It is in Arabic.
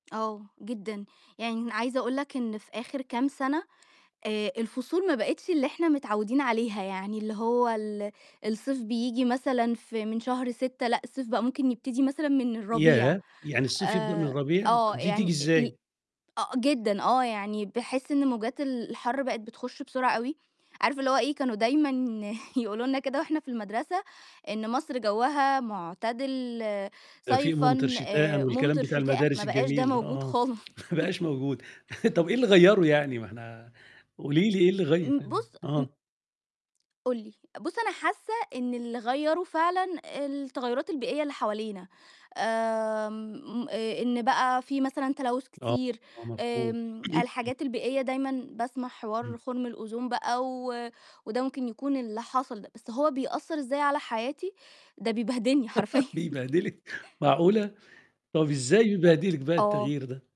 آه جدًا، يعني أنا عايزة أقول لك إن في آخر كام سنة، آآ الفصول ما بقتش اللي إحنا متعوّدين عليها، يعني اللي هو ال الصيف بييجي مثلًا في من شهر 6 لأ، الصيف بقى ممكن يبتدي مثلًا من الربيع، ياه! يعني الصيف يبدأ من آآ الربيع؟ آه، طب دي تيجي يعني أ ال إزاي؟ آه جدًا، آه، يعني باحس إن موجات ال الحر بقت بتخش بسرعة أوي، عارف اللي هو إيه، كانوا دايمًا يقولوا لنا كده وإحنا في المدرسة، إن مصر جوّها معتدل دفئ صيفًا ممطر شتاءً والكلام ممطر بتاع شتاءً، المدارس ما بقاش ده الجميل ده موجود آه، خالص. ما بقاش موجود، طب إيه اللي غيّره يعني؟ ما إحنا قولي لي إيه اللي غيّر إمم، ال بُصّ، م آه. قُل لي، بُصّ أنا حاسّة إن اللي غيّره فعلًا التغيرات البيئية اللي حوالينا، آمم آآ إن بقى في مثلًا تلوث آه، كتيرّ، آه، مفهوم. آمم الحاجات البيئية دايمًا باسمع حوار إمم. خرم الأوزون بقى و وده ممكن يكون اللي حصل ده، بس هو بيأثّر إزاي على حياتي، ده بيبهدلني حرفيًا. بيبهدلِك! معقولة؟! طيب إزاي بيبهدلِك بقى آه. التغيير ده؟